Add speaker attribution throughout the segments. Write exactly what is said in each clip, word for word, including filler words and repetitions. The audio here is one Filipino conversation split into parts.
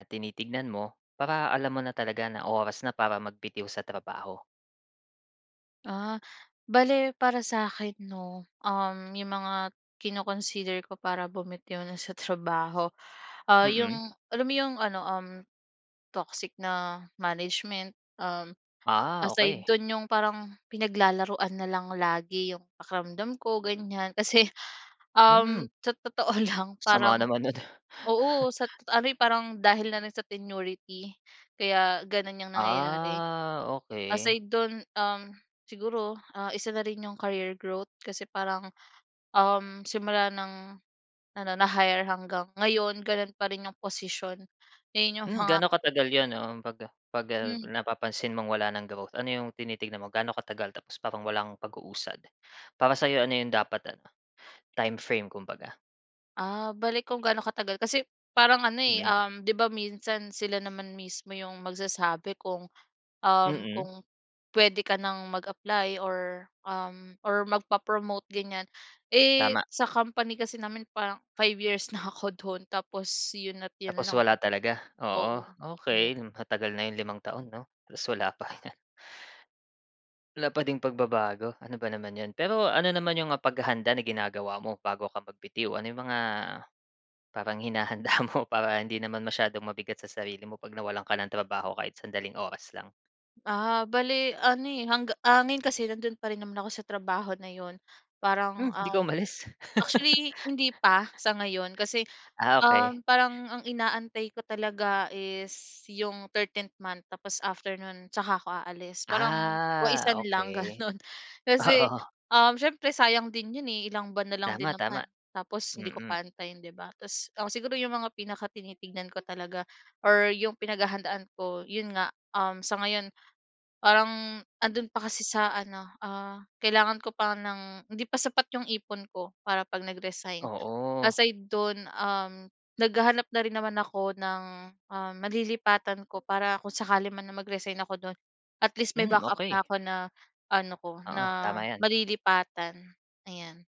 Speaker 1: Na tinitignan mo para alam mo na talaga na oras na para magbitiw sa trabaho?
Speaker 2: Ah, bale para sa'kin 'no, um, yung mga kino-consider ko para bumitiw na sa trabaho, ah, yung
Speaker 1: Mm.
Speaker 2: alam mo yung ano, um, toxic na management, um,
Speaker 1: Ah,
Speaker 2: aside
Speaker 1: okey.
Speaker 2: dun, yung parang pinaglalaruan na lang lagi yung pakiramdam ko ganyan. Kasi,
Speaker 1: Hmm.
Speaker 2: um, sa totoo lang parang
Speaker 1: Sama naman nun.
Speaker 2: oo sa tot ano, eh, parang dahil na rin sa tenurity kaya ganun yung nangyayari.
Speaker 1: Ah, okey.
Speaker 2: Aside dun, um, siguro, ah, isa na rin yung career growth kasi parang, um, simula ng ano na-hire hanggang ngayon, ganun pa rin yung posisyon ayun yung
Speaker 1: Hmm,
Speaker 2: mga
Speaker 1: gaano katagal yun, um, pag, ah, pag, ah,
Speaker 2: Hmm.
Speaker 1: napapansin mong wala ng growth? Ano yung tinitignan mo, gaano katagal tapos parang walang pag-uusad, para sa'yo ano yung dapat, ah, timeframe kumbaga?
Speaker 2: Ah, bale kung gaano katagal, kasi parang ano, eh,
Speaker 1: Mm.
Speaker 2: um, di ba minsan sila naman mismo yung magsasabi kung, um,
Speaker 1: Mm.
Speaker 2: kung puwede ka ng mag-apply or, um, or magpa-promote ganyan. Eh,
Speaker 1: Tama.
Speaker 2: sa company kasi namin parang five years na ako dun tapos yun at yun
Speaker 1: Tapos
Speaker 2: lang
Speaker 1: wala talaga? Oo,
Speaker 2: oo.
Speaker 1: okey matagal na yung limang taon, 'no tas wala pa. Wala pa ding pagbabago, ano ba naman yun. Pero ano naman yung, ah, paghahanda na ginagawa mo bago ka magbitiw? Ano yung mga parang hinahanda mo para hindi naman masyadong mabigat sa sarili mo pag nawalan ka ng trabaho kahit sandaling oras lang?
Speaker 2: Ah, bale ano, eh, hangga ah, ngayon kasi nandun pa rin naman ako sa trabaho na yun,
Speaker 1: Hmm,
Speaker 2: parang
Speaker 1: hindi ka
Speaker 2: ang
Speaker 1: umalis?
Speaker 2: actually hindi pa sa ngayon, kasi,
Speaker 1: Ah, okey.
Speaker 2: um, parang ang inaantay ko talaga is yung thirteenth month tapos after nun tsaka ako aalis parang
Speaker 1: Ah,
Speaker 2: waisan lang
Speaker 1: okey,
Speaker 2: ganun. Kasi,
Speaker 1: oo.
Speaker 2: um, siyempre sayang din yun, eh, ilang buwan na lang din
Speaker 1: Tama, tama
Speaker 2: naman tapos hindi ko
Speaker 1: mm.
Speaker 2: pa antayin di ba? Tapos, um, siguro yung mga pinakatinitignan ko talaga or yung pinaghahandaan ko yun nga, um, sa ngayon parang andun pa kasi sa ano, ah, kailangan ko pa ng hindi pa sapat yung ipon ko para 'pag nag-resign.
Speaker 1: Oo.
Speaker 2: Aside dun, um, naghahanap na rin naman ako ng, um, malilipatan ko, para kung sakali man na mag-resign ako dun at least may
Speaker 1: Hmm,
Speaker 2: backup
Speaker 1: okey.
Speaker 2: na ako, na ano ko
Speaker 1: Oo,
Speaker 2: na
Speaker 1: tama yan.
Speaker 2: malilipatan ayan.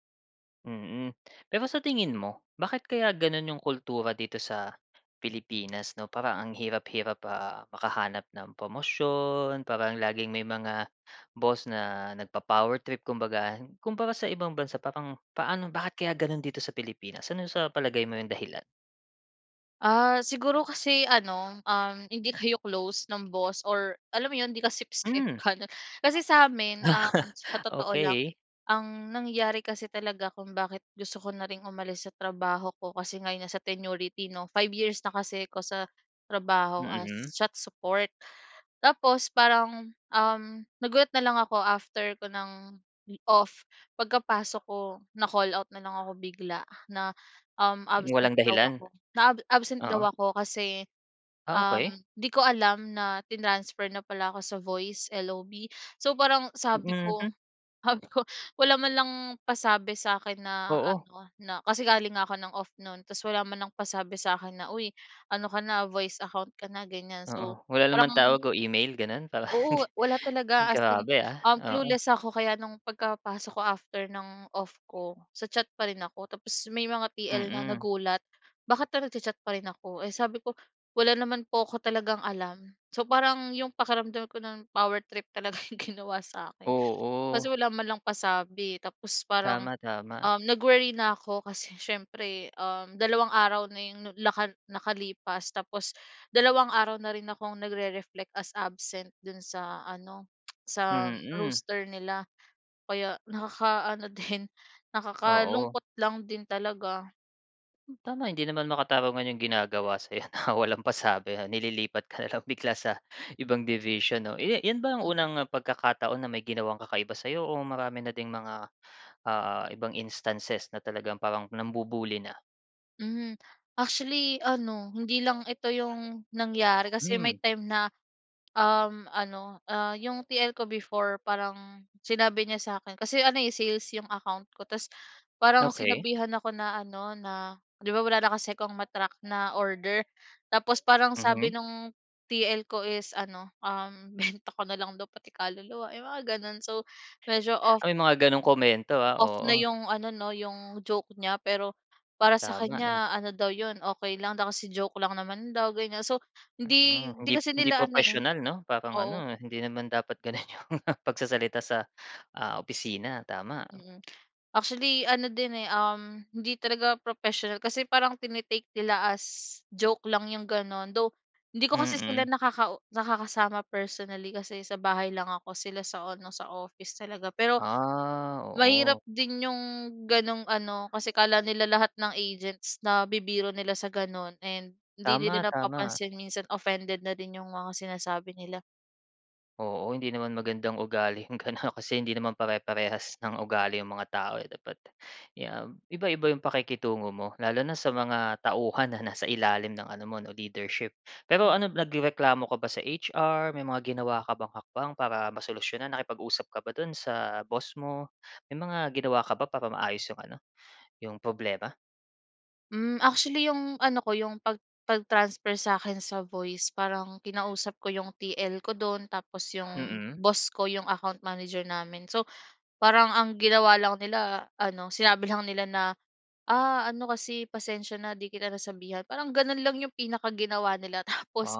Speaker 1: Mm, pero sa tingin mo bakit kaya ganun 'yong kultura dito sa Pilipinas, 'no? Parang ang hirap-hirap, ah, makahanap ng promosyon, parang laging may mga boss na nagpa-power trip. Kumbaga, kumpara sa ibang bansa, parang paano, bakit kaya gano'n dito sa Pilipinas? Ano sa palagay mo 'yong dahilan?
Speaker 2: Ah, siguro kasi ano, um, hindi kayo close ng boss, or alam mo yun, 'di ka sip-sip
Speaker 1: Hmm.
Speaker 2: paanong kasi sa'min, ah, sa totoo lang,
Speaker 1: Okey.
Speaker 2: ang nangyari kasi talaga kung bakit gusto ko na ring umalis sa trabaho ko kasi nga yon nasa tenurity 'no. Five years na kasi ako sa trabaho as
Speaker 1: Mm.
Speaker 2: chat support. Tapos parang, um, nagulat na lang ako after ko ng off, pagkapasok ko, na-call out na lang ako bigla na, um, absent
Speaker 1: Walang
Speaker 2: daw
Speaker 1: dahilan,
Speaker 2: ako, na ab absent daw
Speaker 1: oo.
Speaker 2: ako kasi,
Speaker 1: Ah,
Speaker 2: um,
Speaker 1: okey.
Speaker 2: 'di ko alam na tinransfer na pala ako sa voice L-O-B. So parang sabi
Speaker 1: Mm, hmm.
Speaker 2: ko, sabi ko, wala man lang pasabi sa'kin na
Speaker 1: Oo.
Speaker 2: ano na, kasi galing nga ako ng off no'n, ta's wala man lang pasabi sa'kin na, "Uy, ano ka na, voice account ka na," ganyan, so
Speaker 1: Oo. Wala naman
Speaker 2: parang
Speaker 1: tawag o email, gano'n? Para hindi
Speaker 2: Oo, wala talaga, as in,
Speaker 1: Grabe ah,
Speaker 2: um,
Speaker 1: oo.
Speaker 2: clueless ako, kaya no'ng pagkapasok ko after ng off ko, sa chat pa rin ako. Tapos may mga T-L na
Speaker 1: Mm.
Speaker 2: nagulat, bakit pa nagcha-chat pa rin ako. Eh, sabi ko, wala naman po ko talagang alam. So parang 'yong pakiramdam ko no'n, power trip talaga ginawa sa'kin. Kasi
Speaker 1: Oo.
Speaker 2: wala man lang pasabi, eh. Tapos parang,
Speaker 1: Tama, tama.
Speaker 2: um, nag-worry na ko kasi siyempre um, dalawang araw na 'yong naka nakalipas, tapos dalawang araw na rin akong nagre-reflect as absent do'n sa ano, sa
Speaker 1: Mm.
Speaker 2: roaster nila, kaya nakakaano din,
Speaker 1: Oo.
Speaker 2: nakakalungkot lang din talaga.
Speaker 1: Hmm, tama hindi naman makatarungan yung ginagawa sa'yo, na walang pasabi nililipat ka na lang bigla sa ibang division no. Iya 'yan ba ang
Speaker 2: Mhm.
Speaker 1: unang pagkakataon na may ginawang kakaiba sa'yo o marami na ding mga ah, ibang instances na talagang parang nambu-bully na?
Speaker 2: Mhm, actually ano hindi lang ito 'yong nangyari kasi
Speaker 1: Hmm.
Speaker 2: may time na, um, ano, ah, 'yong TL ko before parang sinabi niya sa akin kasi ano sales 'yong account ko. 'Tas parang
Speaker 1: Okey.
Speaker 2: sinabihan ako na ano na 'di ba wala na kasi akong ma-track na order. Tapos parang sabi
Speaker 1: Mhm.
Speaker 2: no'ng TL ko is ano, um, benta ko na lang daw pati kaluluwa, yung mga gano'n so, medyo off
Speaker 1: May mga gano'ng komento, ah,
Speaker 2: off na
Speaker 1: oo.
Speaker 2: yung ano 'no, yung joke niya. Pero para sa
Speaker 1: Tama eh.
Speaker 2: kanya ano daw yun okey lang daw kasi joke lang naman daw ganyan. So, hindi,
Speaker 1: Mm,
Speaker 2: hindi
Speaker 1: hindi
Speaker 2: kasi
Speaker 1: hindi
Speaker 2: nila ano, eh,
Speaker 1: propessional 'no parang
Speaker 2: oo
Speaker 1: ano hindi naman dapat gano'n yung pagsasalita sa, ah, opisina, tama.
Speaker 2: Mm, actually ano din eh, ah, hindi talaga propesyonal kasi parang tini-take nila as joke lang 'yong gano'n. Though hindi ko kasi
Speaker 1: Mm.
Speaker 2: sila nakau nakakasama personally kasi sa bahay lang ako. Sila sa ano sa office talaga pero,
Speaker 1: Ah,
Speaker 2: mahirap
Speaker 1: oo.
Speaker 2: din 'yong gano'ng ano kasi akala nila lahat ng agents na bibiro nila sa gano'n and hindi
Speaker 1: Tama,
Speaker 2: nila
Speaker 1: tama.
Speaker 2: napapansin minsan offended na din 'yong mga sinasabi nila.
Speaker 1: Oo, hindi naman magandang ugali 'yong gano'n kasi hindi naman pare-parehas ng ugali 'yong mga tao, eh, dapat 'yan iba-iba 'yong pakikitungo mo, lalo na sa mga tauhan na nasa ilalim ng ano mo 'no, leadership. Pero
Speaker 2: Hmm.
Speaker 1: ano nagrereklamo ka ba sa HR? May mga ginawa ka bang hakbang para masolusyunan? Nakipag-usap ka ba do'n sa boss mo, may mga ginawa ka ba para maayos 'yong ano, 'yong problema?
Speaker 2: Mm, actually 'yong ano ko 'yong pag pag-transfer sa akin sa voice parang kinausap ko 'yong TL ko do'n tapos 'yong
Speaker 1: Mhm.
Speaker 2: boss ko 'yong account manager namin, so parang ang ginawa lang nila ano, sinabi lang nila na, "Ah, ano kasi pasensiya na 'di kita nasasabihan." Parang gano'n lang 'yong pinaka ginawa nila, tapos,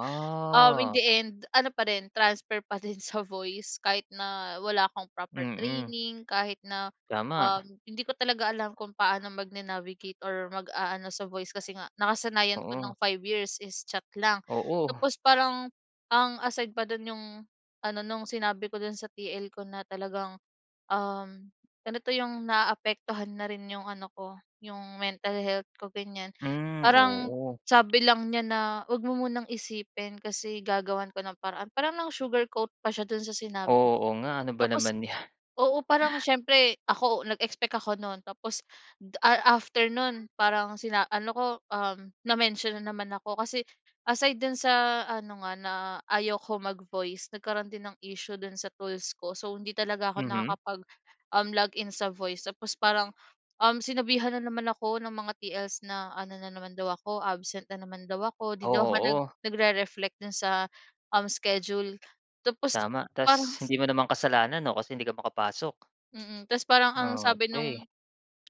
Speaker 2: um, in the end ano pa rin transfer pa din sa voice kahit na wala akong proper
Speaker 1: Mm.
Speaker 2: training kahit na, um,
Speaker 1: Tama.
Speaker 2: hindi ko talaga alam kung paano magna-navigate or mag-aano sa voice kasi nga nakasanayan ko ng
Speaker 1: Oo.
Speaker 2: five years is chat lang.
Speaker 1: Oo.
Speaker 2: Tapos parang ang aside pa do'n 'yong ano no'ng sinabi ko dun sa TL ko na talagang, um, ano 'to yung naaapektuhan na rin 'yong ano ko yung mental health ko, ganyan.
Speaker 1: Hmm,
Speaker 2: Parang
Speaker 1: oo.
Speaker 2: sabi lang niya na, "Huwag mo munang isipin kasi gagawan ko ng paraan." Parang nang sugarcoat pa siya do'n sa sinabi niya.
Speaker 1: Oo nga, ano ba
Speaker 2: Tapos,
Speaker 1: naman 'yan.
Speaker 2: oo parang siyempre ako nag-expect ako no'n tapos da a after no'n parang sina ano ko, um, na-mention na naman ako kasi aside do'n sa ano nga na ayaw ko mag-voice nagkaroon din ng issue do'n sa tools ko, so hindi talaga ako
Speaker 1: Mhm.
Speaker 2: nakakapag um, log in sa voice, tapos parang, um, sinabihan na naman ako ng mga TL's na, ano na naman daw ako absent na naman daw ako, 'di
Speaker 1: O
Speaker 2: daw ako nag
Speaker 1: oo.
Speaker 2: nagre-reflect do'n sa, um, schedule tapos
Speaker 1: Tama,
Speaker 2: parang
Speaker 1: tapos hindi mo naman kasalanan 'no, kasi hindi ka makapasok.
Speaker 2: Mm, tapos parang ang sabi no'ng,
Speaker 1: Okey.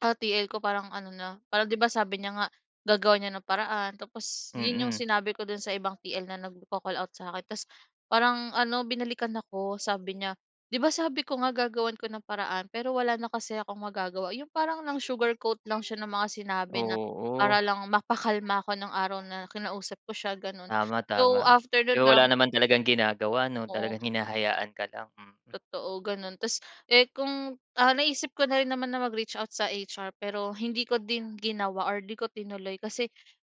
Speaker 2: ah, TL ko parang ano na, parang 'di ba sabi niya nga gagawa niya ng paraan tapos 'yon 'yong
Speaker 1: Mm.
Speaker 2: sinabi ko do'n sa ibang TL na nagko-call-out sa akin. Tapos parang ano binalikan ako, sabi niya, "Di ba, sabi ko nga gagawan ko ng paraan pero wala na kasi akong magagawa," 'yong parang nang sugarcoat lang siya ng mga sinabi na
Speaker 1: Oo.
Speaker 2: para lang mapakalma ako no'ng araw na kinausap ko siya gano'n,
Speaker 1: Tama
Speaker 2: so
Speaker 1: tama,
Speaker 2: after no'n
Speaker 1: pero
Speaker 2: parang
Speaker 1: wala naman talagang ginagawa 'no,
Speaker 2: Oo.
Speaker 1: talagang hinahayaan ka lang, mm.
Speaker 2: Totoo gano'n, tapos, eh, kung, ah, naisip ko na rin naman na mag-reach out sa HR pero hindi ko din ginawa or 'di ko tinuloy kasi,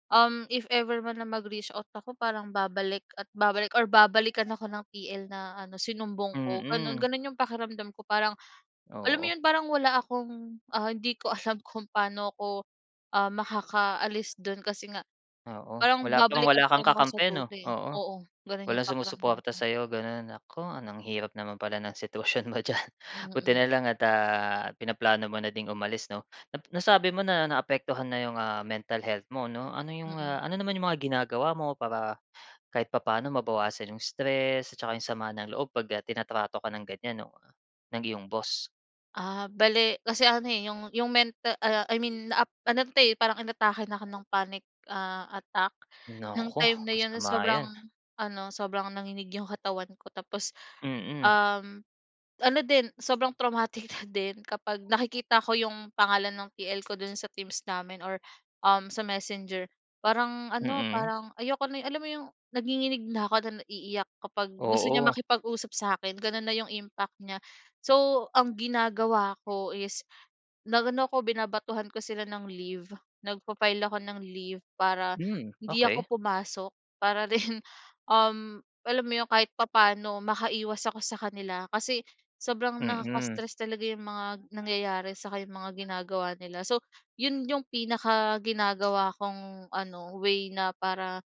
Speaker 2: um, if ever man na mag-reach out ako parang babalik at babalik or babalikan ako ng TL na ano sinumbong ko gano'n.
Speaker 1: Mm.
Speaker 2: Gano'n 'yong pakiramdam ko parang, alam mo
Speaker 1: Oo.
Speaker 2: 'yon parang wala akong, ah, hindi ko alam kung paano ako, um, makakaalis do'n kasi nga
Speaker 1: Oo,
Speaker 2: parang
Speaker 1: wala pang
Speaker 2: babalikan
Speaker 1: wala
Speaker 2: pa
Speaker 1: kang
Speaker 2: rin ako sa
Speaker 1: kakampi
Speaker 2: dulo,
Speaker 1: 'no?
Speaker 2: eh,
Speaker 1: Oo,
Speaker 2: oo gano'n
Speaker 1: walang
Speaker 2: 'yong pakiramdam
Speaker 1: sumusuporta
Speaker 2: ko.
Speaker 1: sa'yo gano'n. Naku, ang hirap naman pala ng sitwasyon mo diyan buti
Speaker 2: Mm
Speaker 1: na lang at, ah, pinaplano mo na ding umalis 'no. Nap nasabi mo na naapektuhan na 'yong, ah, mental health mo 'no, ano 'yong,
Speaker 2: Mm.
Speaker 1: ah, ano naman 'yong mga ginagawa mo para kahit papaano mabawasan 'yong stress at saka 'yong sama ng loob 'pag, ah, tinatrato ka ng ganyan o ng iyong boss?
Speaker 2: Ah, bale kasi ano eh, yung yung menta ah, I mean, na, ano 'to, eh, parang inatake na 'ko ng panic ah, attack nung
Speaker 1: Naku,
Speaker 2: time na 'yon,
Speaker 1: masama
Speaker 2: sobrang
Speaker 1: 'yan.
Speaker 2: ano, sobrang nanginig yung katawan ko, tapos,
Speaker 1: Mm.
Speaker 2: um, ano din, sobrang traumatic na din kapag nakikita ko yung pangalan ng T-L ko do'n sa Teams namin or, um, sa Messenger, parang ano,
Speaker 1: Mm.
Speaker 2: parang ayoko na eh, alam mo yung, nagnginginig na ako at naiiyak kapag gusto niya
Speaker 1: Oo.
Speaker 2: makipag-usap sa'kin, gano'n na yung impact niya. So, ang ginagawa ko is nag-ano ako, binabatuhan ko sila ng leave, nagfa-file ako ng leave para,
Speaker 1: Hmm,
Speaker 2: hindi ako
Speaker 1: okey.
Speaker 2: pumasok para rin, um, alam mo 'yon, kahit papa'no makaiwas ako sa kanila kasi sobrang
Speaker 1: Mm.
Speaker 2: nakaka-stress talaga yung mga nangyayari, saka yung mga ginagawa nila, so 'yon yung pinakaginagawa kong ano, way na para,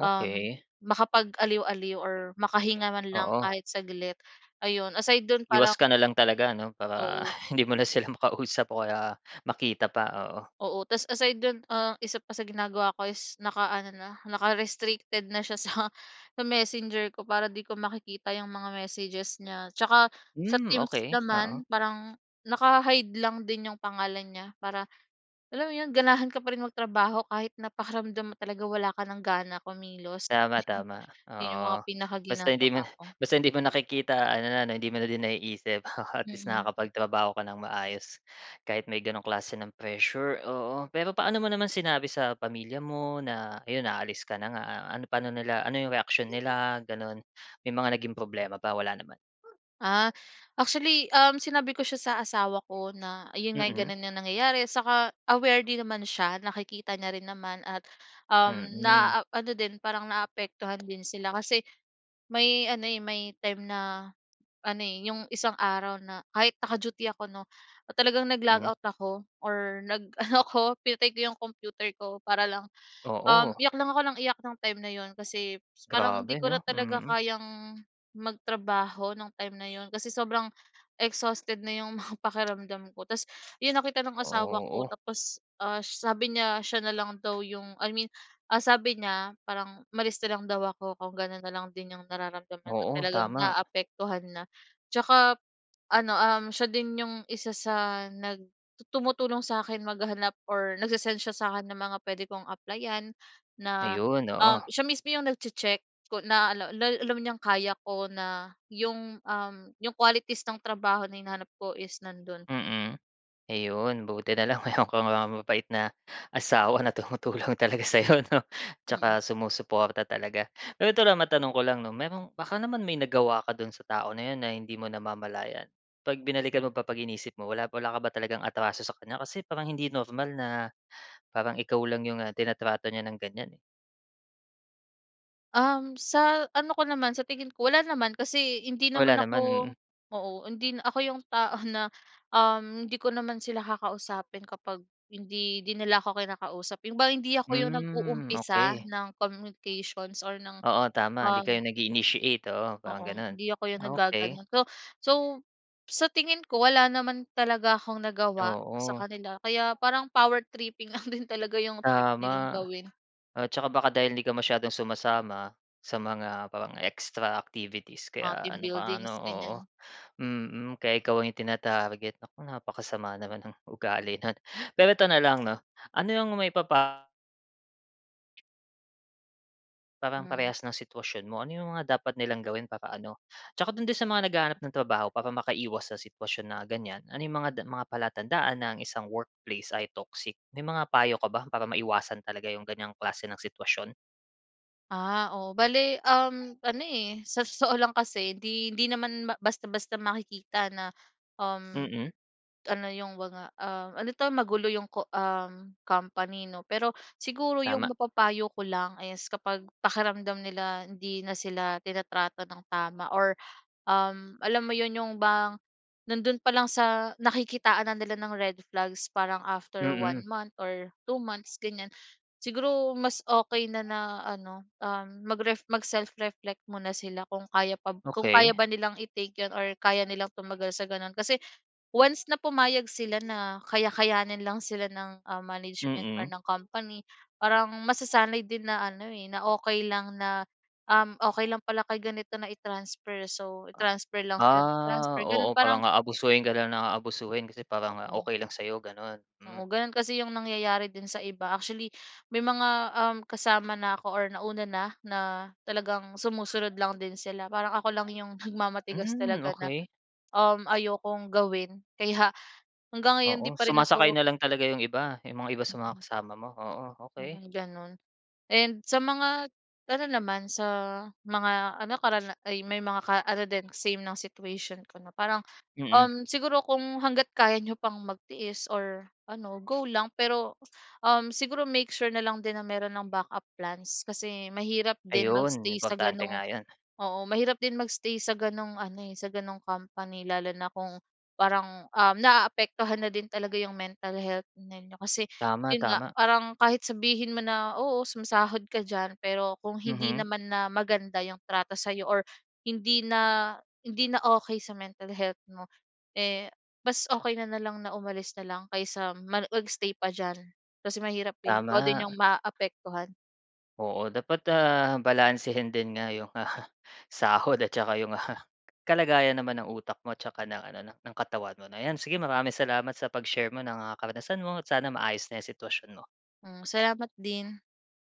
Speaker 2: um, makapag-aliw-aliw or makahinga man lang
Speaker 1: Oo.
Speaker 2: kahit saglit, ayun, aside do'n,
Speaker 1: Iwas
Speaker 2: parang
Speaker 1: ka na lang talaga ano, para
Speaker 2: Oo.
Speaker 1: hindi mo na sila makausap o kaya makita pa, oo.
Speaker 2: Oo, ta's aside do'n, ah, isa pa sa ginagawa ko is, naka-ano na, naka-restricted na siya sa, sa messenger ko para 'di ko makikita yung mga messages niya, tsaka sa
Speaker 1: Hmm,
Speaker 2: Teams
Speaker 1: okey, oo.
Speaker 2: naman, parang naka-hide lang din yung pangalan niya para alam mo 'yon, ganahan ka pa rin magtrabaho kahit na pakiramdam mo talaga wala ka ng gana kumilos,
Speaker 1: Tama, tama.
Speaker 2: 'yon yung mga
Speaker 1: Oo, basta hindi
Speaker 2: pinakaginagawa
Speaker 1: mo na
Speaker 2: ko.
Speaker 1: basta hindi mo nakikita, ano na hindi mo na din naiisip, at least,
Speaker 2: Mm.
Speaker 1: nakakapagtrabaho ka ng maayos, kahit may gano'ng klase ng pressure, oo. Pero paano mo naman sinabi sa pamilya mo, na 'yon aalis ka na nga, ano, pa'no nila, ano yung reaksiyon nila, gano'n? May mga naging problema ba, wala naman?
Speaker 2: Ah, actually, um, sinabi ko siya sa asawa ko, na ayun nga,
Speaker 1: Mm.
Speaker 2: ganun na nangyayari, saka aware din naman siya. Nakikita niya rin naman at, um,
Speaker 1: Mm.
Speaker 2: naa-ano din, parang naapektuhan din sila kasi may ano, eh, may time na, ano, eh, yung isang araw na kahit naka-duty ako 'no, or talagang nag-log
Speaker 1: Mm.
Speaker 2: out ako or nag-ano ako, pinatay ko yung kompiuter ko para lang, um,
Speaker 1: Oo.
Speaker 2: iyak lang ako ng iyak nung time na 'yon kasi, parang 'di
Speaker 1: Grabe
Speaker 2: ko na
Speaker 1: 'no,
Speaker 2: talaga
Speaker 1: mm.
Speaker 2: kayang magtrabaho nung time na 'yon kasi sobrang exhausted na yung mga pakiramdam ko, ta's 'yon nakita ng asawa ko
Speaker 1: Oo.
Speaker 2: tapos, ah, sabi niya, siya na lang daw yung I mean, ah, sabi niya, parang umalis na lang daw ako kung gano'n na lang din yung nararamdaman,
Speaker 1: Oo,
Speaker 2: talagang
Speaker 1: tama.
Speaker 2: naaapektuhan na. Tsaka ano, um, siya din yung isa sa nag tumutulong sa'kin maghanap or nagse-send siya sa'kin ng mga puwede kong applyan na,
Speaker 1: Ayun,
Speaker 2: um,
Speaker 1: oo.
Speaker 2: siya mismo yung nagche-check, ko na al ala alam niyang kaya ko na, yung, um, yung qualities ng trabaho na hinahanap ko is nando'n.
Speaker 1: Mm, ayun buti na lang meron kang, ah, mabait na, asawa na tumutulong talaga sa'yo 'no,
Speaker 2: Mm.
Speaker 1: tsaka sumusuporta talaga. Pero ito lang, matanong ko lang 'no, merong baka naman may nagawa ka do'n sa tao na 'yon na hindi mo namamalayan? 'Pag binalikan mo ba, 'pag iniisip mo, wala, wala ka ba talagang atraso sa kanya? Kasi parang hindi normal na parang ikaw lang yung, ah, tinatrato niya ng ganyan, eh.
Speaker 2: Um, sa ano ko naman, sa tingin ko wala naman kasi hindi
Speaker 1: Wala
Speaker 2: naman
Speaker 1: naman,
Speaker 2: ako
Speaker 1: mm.
Speaker 2: oo, hindi ako yung tao na uhm hindi ko naman sila kakausapin kapag hindi din nila na ako kinakausap yung ba hindi ako yung
Speaker 1: Hmm,
Speaker 2: nag-uumpisa
Speaker 1: okey.
Speaker 2: ng communications or ng
Speaker 1: Oo, tama 'di
Speaker 2: um
Speaker 1: kayo nag-iinitiate, oo parang
Speaker 2: Oo,
Speaker 1: gano'n,
Speaker 2: hindi ako yung
Speaker 1: okey.
Speaker 2: naggaganon. So, so sa tingin ko wala naman talaga akong nagawa sa
Speaker 1: Oo.
Speaker 2: kanila kaya parang power tripping lang din talaga yung trip nilang
Speaker 1: Tama
Speaker 2: gawin.
Speaker 1: at tsaka baka dahil 'di ka masyadong sumasama sa mga parang extra activities
Speaker 2: Mga
Speaker 1: kaya
Speaker 2: team
Speaker 1: ano ka ano,
Speaker 2: buildings
Speaker 1: oo
Speaker 2: ganyan.
Speaker 1: mm, kaya ikaw ang tinarget. Naku, napakasama naman ng ugali no'n. Pero ito na lang 'no, ano ang maipapa Parang
Speaker 2: Hmm.
Speaker 1: parehas ng sitwasyon mo, ano yung mga dapat nilang gawin para ano, tsaka dun din sa mga naghahanap ng trabaho para makaiwas sa sitwasyon na ganyan. Ano yung mga da mga palatandaan na ang isang workplace ay toxic. May mga payo ka ba para maiwasan talaga yung ganyang klase ng sitwasyon?
Speaker 2: Ah, oo, bale um, ano, eh, sa totoo lang kasi hindi hindi naman basta-basta makikita na, um,
Speaker 1: Mm.
Speaker 2: ano 'yong mga, um, ano ito magulo 'yong, um, company no pero siguro 'yong
Speaker 1: Tama.
Speaker 2: mapapayo ko lang is kapag pakiramdam nila hindi na sila tinatrato ng tama or, um, alam mo 'yon 'yong bang nandoon pa lang sa nakikitaan na nila ng red flags parang after one
Speaker 1: Mm.
Speaker 2: month or two months ganyan siguro mas okey na na ano, um, magref mag-self-reflect muna sila kung kaya pa kung kaya
Speaker 1: Okey.
Speaker 2: ba nilang i-take 'yon or kaya nilang tumagal sa gano'n kasi once na pumayag sila na kaya-kayanin lang sila ng, ah, management or
Speaker 1: Mm.
Speaker 2: ng company parang masasanay din na ano, eh, na okey lang na, um, okey lang pala kay ganito na i-transfer. So i-transfer lang sila ng
Speaker 1: Ah,
Speaker 2: transfer gano'n,
Speaker 1: oo
Speaker 2: parang
Speaker 1: parang aabusuhin ka lang na aabusuhin kasi parang nga
Speaker 2: Oo.
Speaker 1: okey lang sa'yo, ganun, hmm.
Speaker 2: Oo, gano'n kasi 'yong nangyayari din sa iba actually may mga, um, kasama na ako or nauna na na talagang sumusunod lang din sila parang ako lang 'yong nagmamatigas
Speaker 1: Hmm,
Speaker 2: talaga na,
Speaker 1: okey.
Speaker 2: um, ayokong gawin kaya hanggang ngayon hindi
Speaker 1: Oo,
Speaker 2: pa rin
Speaker 1: sumasakay
Speaker 2: ako
Speaker 1: na lang talaga 'yong iba, yung mga iba sa mga
Speaker 2: Mm.
Speaker 1: kasama mo, oo,
Speaker 2: Hmm,
Speaker 1: okey.
Speaker 2: gano'n and sa mga ano naman sa mga ano kara ay may mga ano din same ng situation ko na parang,
Speaker 1: Mm.
Speaker 2: um, siguro kung hangga't kaya n'yo pang magtiis or ano go lang pero, um, siguro make sure na lang din na mayro'n ng backup plans kasi mahirap din
Speaker 1: Ayun,
Speaker 2: mag-stay sa
Speaker 1: importante
Speaker 2: ganong
Speaker 1: nga 'yon.
Speaker 2: oo mahirap din mag-stay sa ganong ano, eh, sa ganong company lalo na kung parang uhm naaapektuhan na din talaga yung mental health ninyo. Kasi
Speaker 1: Tama,
Speaker 2: yun nga
Speaker 1: tama.
Speaker 2: parang kahit sabihin mo na, oo sumasahod ka diyan pero kung hindi
Speaker 1: Mhm.
Speaker 2: naman na maganda yung trato sa'yo or hindi na, hindi na okey sa mental health mo, eh, mas okey na nalang na umalis na lang kaysa mani mag-stay pa diyan kasi mahirap, eh, ikaw din
Speaker 1: Tama.
Speaker 2: yung maaapektuhan.
Speaker 1: Oo, dapat, ah, balansehin din nga 'yong, sahod at 'tsaka 'yong kalagayan naman ng utak mo at saka ng ano ng katawan mo na 'yan sige maraming salamat sa pag-share mo ng, ah, karanasan mo sana maayos na 'yong sitwasyon mo.
Speaker 2: Hmm, salamat din.